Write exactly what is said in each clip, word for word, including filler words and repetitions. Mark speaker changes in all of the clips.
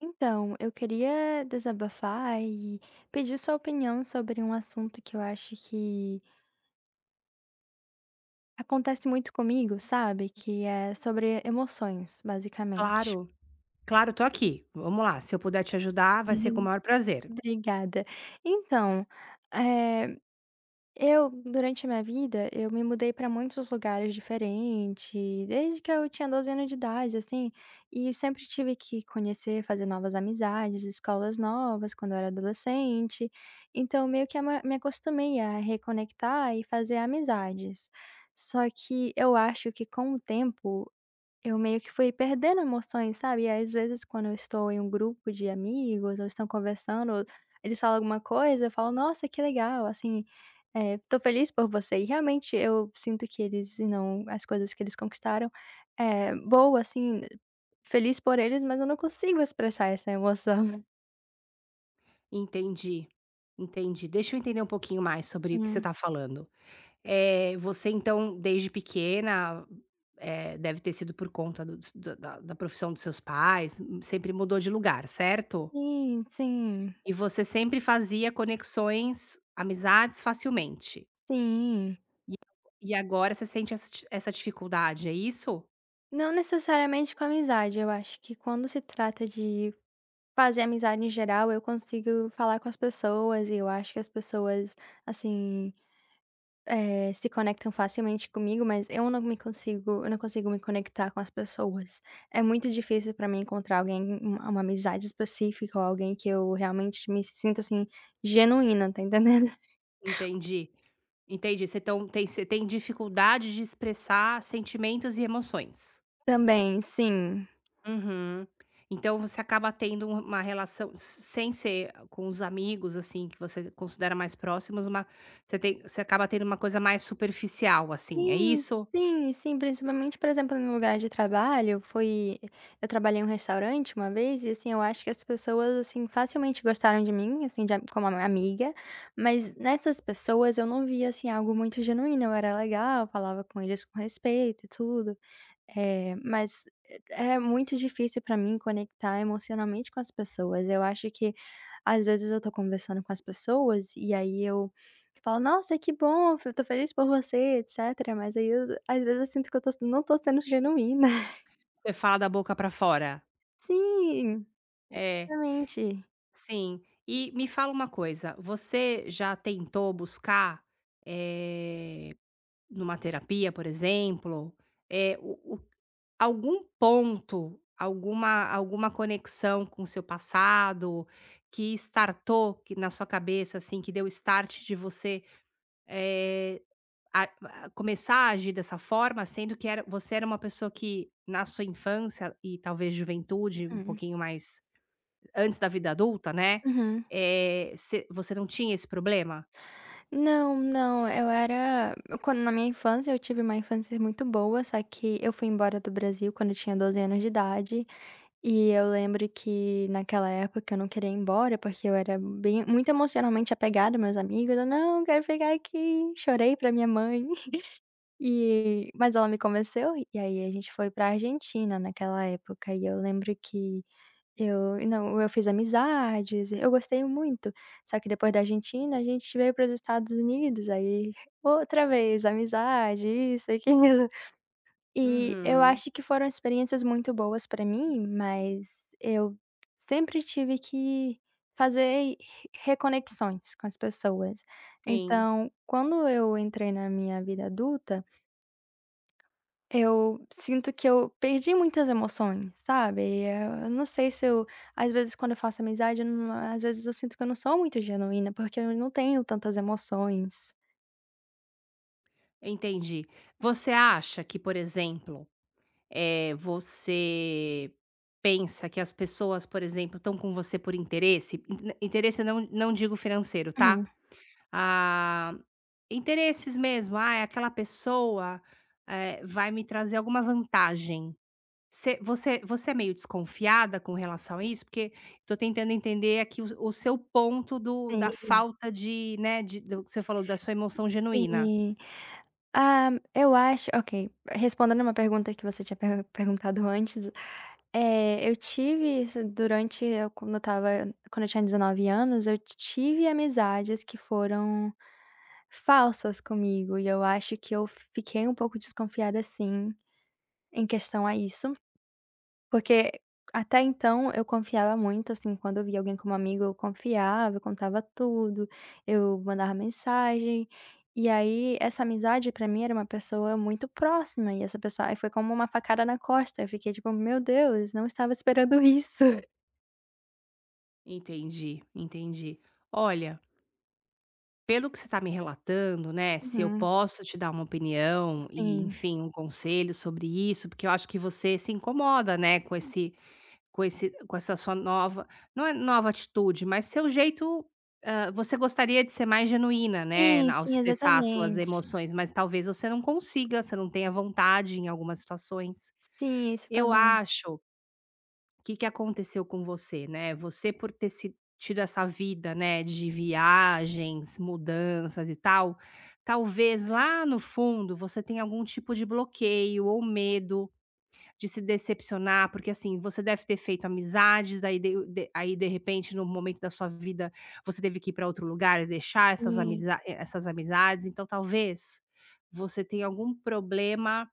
Speaker 1: Então, eu queria desabafar e pedir sua opinião sobre um assunto que eu acho que acontece muito comigo, sabe, que é sobre emoções basicamente.
Speaker 2: Claro, claro. Tô aqui, vamo lá, se eu puder te ajudar, vai
Speaker 1: E
Speaker 2: ser com o
Speaker 1: eu
Speaker 2: maior prazer.
Speaker 1: Obrigada, então, eh, eu durante minha vida, eu me mudei pra muitos lugares diferente, desde que eu tinha doze anos de idade, assim, e eu sempre tive que conhecer, fazer novas amizades, escolas novas quando eu era adolescente, então meio que a ma me acostumei a reconectar e fazer amizades. Só que eu acho que com o tempo, eu meio que fui perdendo emoções, sabe, e às vezes, quando eu estou em um grupo de amigos ou estão conversando, eles falam alguma coisa, eu falo: "Nossa, que legal", assim, eh, "Tô feliz por você", e realmente eu sinto que eles não as coisas que eles conquistaram, eh, boa assim, feliz por eles, mas eu não consigo expressar essa emoção.
Speaker 2: Entendi, entendi, deixa eu entender um pouquinho mais sobre o que você
Speaker 1: Hum.
Speaker 2: está falando, eh, você então, desde pequena, eh, deve ter sido por conta do s da da profissão dos seus pais, sempre mudou de lugar, certo?
Speaker 1: Sim, sim.
Speaker 2: E você sempre fazia conexões, amizades facilmente?
Speaker 1: Sim.
Speaker 2: E ago e agora você sente essa d essa dificuldade, é isso?
Speaker 1: Não necessariamente com amizade, eu acho que quando se trata de fazer amizade, em geral, eu consigo falar com as pessoas e eu acho que as pessoas, assim, eh, se conectam, facilmente, comigo, mas eu não me consigo eu não consigo me conectar com as pessoas, é muito difícil para mim encontrar alguém, u uma amizade específica ou alguém que eu realmente me sinto, assim, genuína, está entendendo?
Speaker 2: Entendi, entendi, você então tem você tem dificuldade de expressar sentimentos e emoções.
Speaker 1: Também, sim.
Speaker 2: Uhum. Então você acaba tendo u uma relação s sem ser com os amigos, assim, que você considera mais próximos, uma você tem você acaba tendo uma coisa mais superficial, assim, é
Speaker 1: Sim,
Speaker 2: isso?
Speaker 1: sim, sim, principalmente, por exemplo, no lugar de trabalho, foi eu trabalhei em um restaurante uma vez e, assim, eu acho que as pessoas, assim, facilmente gostaram de mim, assim, de a como amiga, mas nessas pessoas, eu não vi assim algo muito genuíno, eu era legal, falava com eles com respeito e tudo, eh, mas é muito difícil para mim conectar emocionalmente com as pessoas, eu acho que, às vezes, eu estou conversando com as pessoas, e, aí eu falo: "Nossa, que bom, eu estou feliz por você, etc", mas, aí, eu às vezes, eu sinto que eu estou s não estou sendo genuína.
Speaker 2: Você fala da boca pra fora.
Speaker 1: Sim,
Speaker 2: É,
Speaker 1: exatamente.
Speaker 2: sim. E me fala uma coisa, você já tentou buscar, eh, numa terapia, por exemplo, eh, o o algum ponto, alguma alguma conexão com seu passado que estartou, que na sua cabeça, assim, que deu start de você, eh, a a começar a agir dessa forma, sendo que era você era uma pessoa que na sua infância e talvez juventude, um
Speaker 1: Hum.
Speaker 2: pouquinho mais antes da vida adulta, né,
Speaker 1: Uhum.
Speaker 2: eh, você você não tinha esse problema?
Speaker 1: Não, não, eu era quando na minha infância, eu tive uma infância muito boa, só que eu fui embora do Brasil quando tinha doze anos de idade e eu lembro que naquela época eu não queria ir embora, porque eu era bem muito emocionalmente apegada aos meus amigos. "Não, eu quero ficar aqui". Chorei pra minha mãe. E mas ela me convenceu. E aí a gente foi pra Argentina naquela época, e eu lembro que eu não, eu fiz amizades, eu gostei muito. Só que depois da Argentina a gente veio pros Estados Unidos, aí outra vez amizade, isso, aquilo. E eu
Speaker 2: Uhum.
Speaker 1: acho que foram experiências muito boas pra mim, mas eu sempre tive que fazer re reconexões com as pessoas.
Speaker 2: Sim.
Speaker 1: Então quando eu entrei na minha vida adulta eu sinto que eu perdi muitas emoções, sabe. Eu não sei se eu, às vezes quando eu faço amizade, eu num às vezes eu sinto que eu não sou muito genuína, porque eu não tenho tantas emoções.
Speaker 2: Entendi, você acha que, por exemplo, eh, você pensa que as pessoas, por exemplo, tão com você por interesse, in interesse não não digo financeiro, tá,
Speaker 1: Hum.
Speaker 2: ah, interesses mesmo, ai, aquela pessoa, eh, vai me trazer alguma vantagem, você você você é meio desconfiada com relação a isso, porque tô tentando entender aqui o s seu ponto do da
Speaker 1: Sim.
Speaker 2: falta de, né, de do que você falou, da sua emoção genuína.
Speaker 1: Sim, hã, eu acho, ok, respondendo uma pergunta que você tinha per perguntado antes, eh, eu tive isso durante eu, quando eu estava, quando eu tinha dezenove anos, eu tive amizades que foram falsas comigo e eu acho que eu fiquei um pouco desconfiada sim, em questão a isso. Porque até então eu confiava muito, assim, quando eu via alguém como amigo, eu confiava, eu contava tudo, eu mandava mensagem, e aí essa amizade pra mim era uma pessoa muito próxima e essa pessoa aí foi como uma facada na costa, eu fiquei tipo: "Meu Deus, não estava esperando isso".
Speaker 2: Entendi, entendi, olha pelo que você tá me relatando, né, se eu
Speaker 1: Uhum.
Speaker 2: posso te dar uma opinião e
Speaker 1: Sim.
Speaker 2: enfim, um conselho sobre isso, porque eu acho que você se incomoda, né, com esse com esse com essa sua nova não é nova atitude, mas seu jeito, hã, você gostaria de ser mais genuína, né,
Speaker 1: Sim,
Speaker 2: ao
Speaker 1: sim,
Speaker 2: expressar suas
Speaker 1: exatamente.
Speaker 2: emoções, mas talvez você não consiga, você não tenha vontade em algumas situações,
Speaker 1: Sim, isso
Speaker 2: eu
Speaker 1: também.
Speaker 2: acho que que aconteceu com você, né, você por ter se tido essa vida, né, de viagens, mudanças e tal, talvez lá no fundo você tenha algum tipo de bloqueio ou medo de se decepcionar. Porque assim, você deve ter feito amizades, aí de de aí, de repente, num momento da sua vida, você teve que ir pra outro lugar e deixar essas
Speaker 1: Né.
Speaker 2: amizad é, essas amizades. Então talvez você tenha algum problema,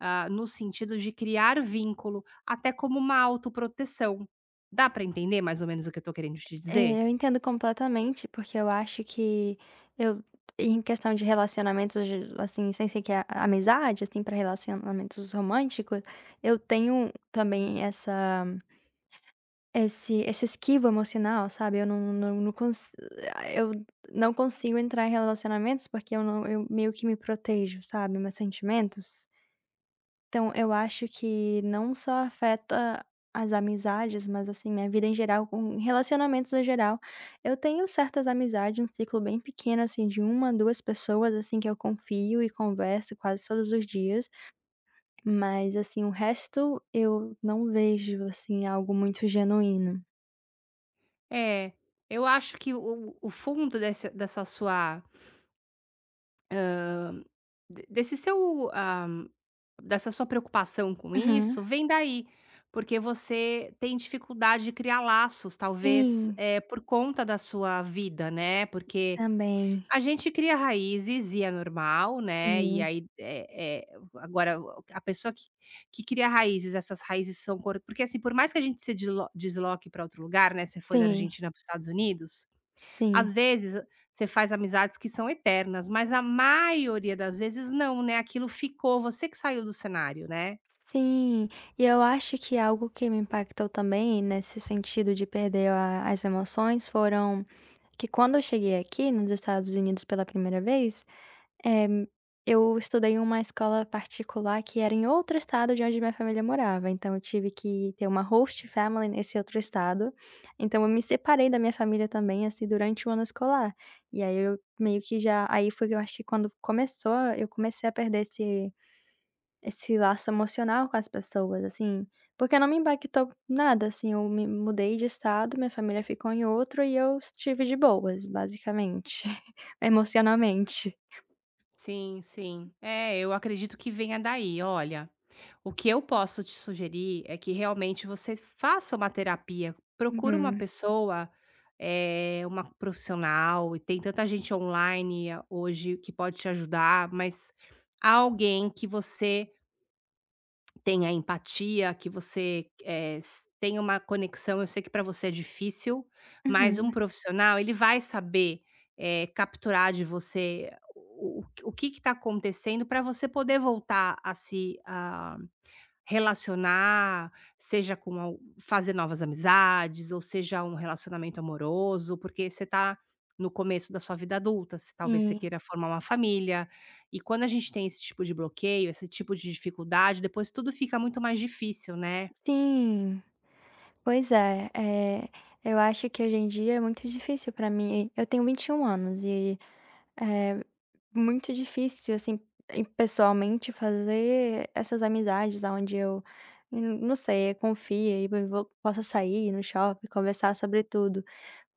Speaker 2: ah, no sentido de criar vínculo, até como uma autoproteção, dá pra entender mais ou menos o que eu tô querendo te
Speaker 1: É,
Speaker 2: dizer?
Speaker 1: eu entendo completamente, porque eu acho que eu em questão de relacionamentos, assim, sem ser que a amizade, assim, pra relacionamentos românticos, eu tenho também essa esse essa esquiva emocional, sabe, eu não não não cons eh, ah, eu não consigo entrar em relacionamentos porque eu não eu meio que me protejo, sabe, meus sentimentos. Então eu acho que não só afeta as amizades, mas assim, minha vida em geral, com relacionamentos no geral, eu tenho certas amizades, um ciclo bem pequeno assim, de uma, duas pessoas, assim, que eu confio e converso quase todos os dias, mas assim, o resto eu não vejo, assim, algo muito genuíno.
Speaker 2: É, eu acho que o o o fundo dessa, dessa sua hã, de desse seu, ah, dessa sua preocupação com,
Speaker 1: Uhum.
Speaker 2: isso vem daí, porque você tem dificuldade de criar laços, talvez,
Speaker 1: Sim.
Speaker 2: eh, por conta da sua vida, né. Porque
Speaker 1: Também.
Speaker 2: a gente cria raízes, e é normal, né. E
Speaker 1: Sim.
Speaker 2: aí, é é agora, o a pessoa que que cria raízes, essas raízes são cor porque assim, por mais que a gente se deslo desloque pra outro lugar, né, você foi da
Speaker 1: Sim.
Speaker 2: Argentina para os Estados Unidos,
Speaker 1: Sim.
Speaker 2: às vezes você faz amizades que são eternas, mas a maioria das vezes não, né. Aquilo ficou, você que saiu do cenário, né.
Speaker 1: Sim, e eu acho que algo que me impactou também nesse sentido de perder a as emoções, foram que, quando eu cheguei aqui nos Estados Unidos pela primeira vez, eh, eu estudei numa escola particular que era em outro estado de onde minha família morava, então eu tive que ter uma host family nesse outro estado. Então eu me separei da minha família também, assim, durante o ano escolar. E aí, eu meio que já aí foi que eu acho que quando começou eu comecei a perder esse, esse laço emocional com as pessoas, assim, porque não me impactou em nada, assim. Eu me mudei de estado, minha família ficou em outro e eu estive de boas, basicamente, emocionalmente.
Speaker 2: Sim, sim. É, eu acredito que venha daí. Olha, o que eu posso te sugerir é que, realmente, você faça uma terapia. Procura uma
Speaker 1: Uhum.
Speaker 2: pessoa, eh, uma profissional, e tem tanta gente online hoje que pode te ajudar, mas alguém que você tenha empatia, que você, eh, s tenha uma conexão. Eu sei que pra você é difícil, mas um
Speaker 1: Uhum.
Speaker 2: profissional, ele vai saber, eh, capturar de você o o o que que tá acontecendo pra você poder voltar a se, ah, relacionar, seja com alg fazer novas amizades, ou seja um relacionamento amoroso, porque você tá no começo da sua vida adulta, você, talvez você
Speaker 1: Sim.
Speaker 2: queira formar uma família. E quando a gente tem esse tipo de bloqueio, esse tipo de dificuldade, depois tudo fica muito mais difícil, né?
Speaker 1: Sim. Pois é! É, eu acho que hoje em dia é muito difícil pra mim. Eu tenho vinte e um anos e é muito difícil, assim, em pessoalmente, fazer essas amizades aonde eu, não sei, confie e mei vo possa sair no shopping, conversar sobre tudo,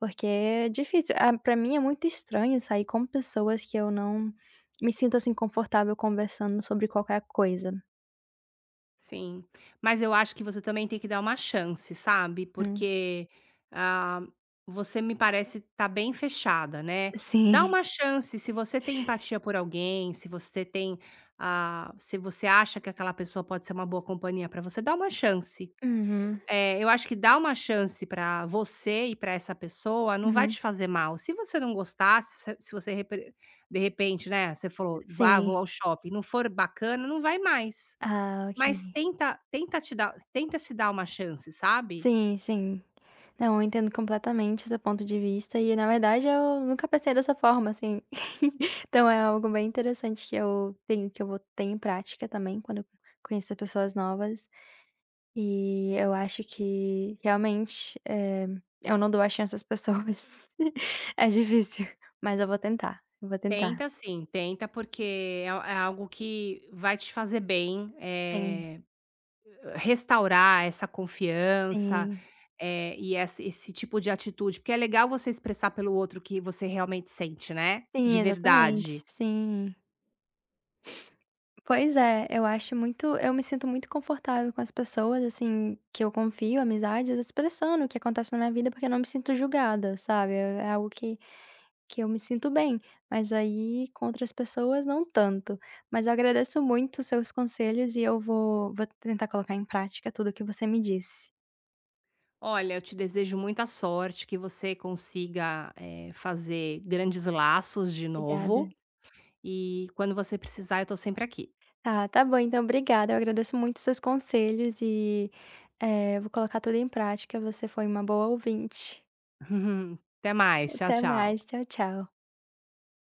Speaker 1: porque é difícil. Ah, pra mim, é muito estranho sair com pessoas que eu não me sinto, assim, confortável conversando sobre qualquer coisa.
Speaker 2: Sim, mas eu acho que você também tem que dar uma chance, sabe,
Speaker 1: Hum.
Speaker 2: porque, hã, você me parece tá bem fechada, né, dá
Speaker 1: Sim.
Speaker 2: uma chance, se você tem empatia por alguém, se você tem, hã, se você acha que aquela pessoa pode ser uma boa companhia pra você, dá uma chance,
Speaker 1: Uhum.
Speaker 2: eh, eu acho que dar uma chance pra você e pra essa pessoa não vai
Speaker 1: Uhum.
Speaker 2: te fazer mal, se você não gostar, se você se você repe de repente, né, você falou, vá, vou
Speaker 1: Sim.
Speaker 2: ao shopping, não for bacana, não vai mais,
Speaker 1: Ah, ok.
Speaker 2: mas tenta tenta te dar tenta se dar uma chance, sabe.
Speaker 1: Sim, sim, não, eu entendo completamente seu ponto de vista e na verdade eu nunca pensei dessa forma, assim, então é algo bem interessante que eu tenho, que eu vou ter em prática também quando eu conhecer pessoas novas, e eu acho que realmente, eh, eu não dou a chance às pessoas, é difícil, mas eu vou tentar, eu vou tentar.
Speaker 2: Tenta sim, tenta porque é al é algo que vai te fazer bem,
Speaker 1: Sim.
Speaker 2: eh, restaurar essa confiança,
Speaker 1: Sim.
Speaker 2: eh, e essa esse tipo de atitude, porque é legal você expressar pelo outro o que você realmente sente, né,
Speaker 1: Sim,
Speaker 2: de
Speaker 1: exatamente,
Speaker 2: verdade.
Speaker 1: sim. Pois é, eu acho muito, eu me sinto muito confortável com as pessoas, assim, que eu confio, amizades, expressando o que acontece na minha vida, porque eu não me sinto julgada, sabe, é é algo que que eu me sinto bem, mas aí com outras pessoas não tanto. Mas eu agradeço muito seus conselhos e eu vou vou tentar colocar em prática tudo que você me disse.
Speaker 2: Olha, eu te desejo muita sorte, que você consiga, eh, fazer grandes laços de novo
Speaker 1: Obrigada.
Speaker 2: e quando você precisar eu tô sempre aqui.
Speaker 1: Ah, tá bom então, obrigada, eu agradeço muito seus conselhos e, eh, eu vou colocar tudo em prática, você foi uma boa ouvinte.
Speaker 2: Até mais, tchau,
Speaker 1: Até mais,
Speaker 2: tchau.
Speaker 1: tchau, tchau.